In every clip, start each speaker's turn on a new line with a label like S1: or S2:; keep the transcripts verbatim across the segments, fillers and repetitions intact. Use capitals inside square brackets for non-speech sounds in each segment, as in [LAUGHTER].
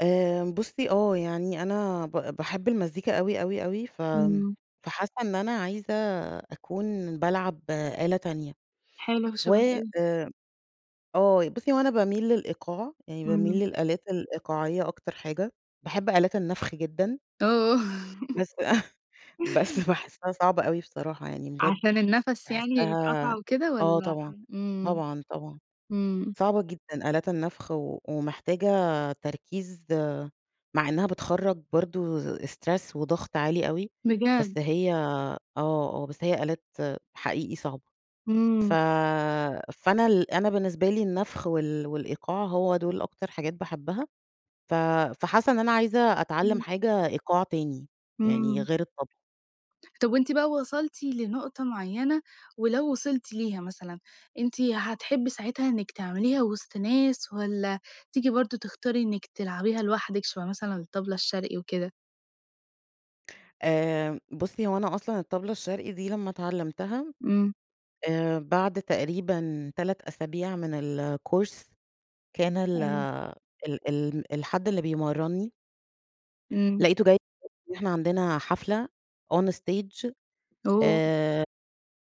S1: آآ بُصي آه يعني أنا ب باحب المزيكا أوي اوي اوي ف
S2: إمم.
S1: فحاسة إن أنا عايزة أكون بالعب آلة تانية،
S2: حلو
S1: و
S2: شبه إيه؟
S1: آآ، آه بُصي هو أنا باميل للإيقاع يعني باميل
S2: إمم.
S1: للآلات الإيقاعية أكتر حاجة باحب آلات النفخ جدًا.
S2: آه.
S1: بس [CHUCKLES] بس باحسها صعبة أوي بصراحة، يعني بجد
S2: عشان النَفَس يعني
S1: باحسها
S2: يتقطع وكده
S1: آه
S2: والَّا ح
S1: طبعًا،
S2: إمم
S1: طبعًا، طبعًا
S2: إمم.
S1: صعبة جدًا آلات النفخ، ومحتاجة تركيز مع إنها بتخرج برضه stress وضغط عالي أوي، بس
S2: بجد!
S1: هي آه، آه بس هي آلات حقيقي صعبة. ف
S2: إمم.
S1: فأنا ال أنا بالنسبة لي النفخ وال والإيقاع هو دول أكتر حاجات باحبها، ف فحاسة إن أنا عايزة أتعلم
S2: إمم.
S1: حاجة إيقاع تاني يعني
S2: إمم.
S1: غير الطبلة.
S2: طب وأنتِ بقى وصلتِ لنقطة معينة، ولو وصلتِ ليها مثلًا أنتِ هتحبي ساعتها إنك تعمليها وسط ناس، والَّا تيجي برضه تختاري إنك تلعبيها لوحدِك شبه مثلًا الطبلة الشرقي وكده؟
S1: آآ بُصي هو أنا أصلًا الطبلة الشرقي دي لما اتعلمتها،
S2: إمم.
S1: آآ بعد تقريبًا تَلَت أسابيع من الcourse كان ال
S2: أيوه.
S1: ال ال الحد اللي بيمرنّي،
S2: إمم.
S1: لقيته جاي إحنا عندنا حفلة on stage
S2: أوه!
S1: آآ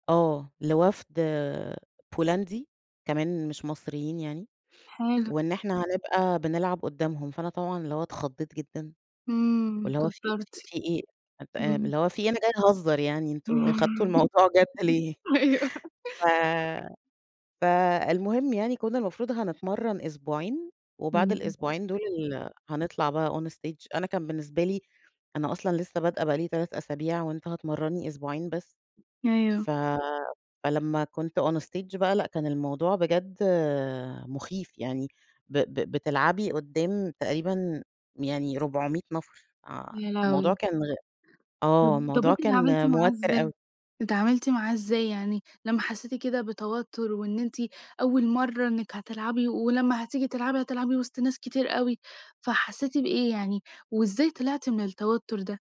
S1: آه لوفد آآ بولندي، كمان مش مصريين يعني،
S2: حلو.
S1: وإن إحنا هنبقى بنلعب قدامهم، فأنا طبعًا اللي هو اتخضيت جدًا
S2: إمم
S1: واللي هو في
S2: اتوترتِ.
S1: في إيه آآ،
S2: إمم.
S1: اللي هو في إيه! أنا جاية اهزر يعني أنتم أخدتوا
S2: إمم
S1: الموضوع جد ليه
S2: أيوه.
S1: ف فالمهم يعني كنا المفروض هنتمرن أسبوعين وبعد
S2: إمم
S1: الأسبوعين دول ال هنطلع بقى on stage، أنا كان بالنسبة لي أنا أصلًا لسه بادئة بقى لي تَلَت أسابيع وأنت هتمرنّي أسبوعين بس
S2: أيوه.
S1: ف فلما كنت on stage بقى لأ كان الموضوع بجد مخيف يعني ب ب بتلعبي قدام تقريبًا يعني ربعمية نفر آآ
S2: يا
S1: الموضوع
S2: لهوي!
S1: كان غ
S2: طب
S1: آه
S2: طب
S1: الموضوع
S2: أنتِ اتعاملتِ
S1: كان
S2: معاه
S1: موتّر
S2: إزاي
S1: أوي.
S2: اتعاملتِ معاه إزاي يعني لما حسيتِ كده بتوتر وإن أنتِ أول مرّة إنك هتلعبي ولمّا هتيجي تلعبي هتلعبي وسط ناس كتير أوي، فحسيتِ بإيه يعني وإزاي طلعتِ من التوتر ده؟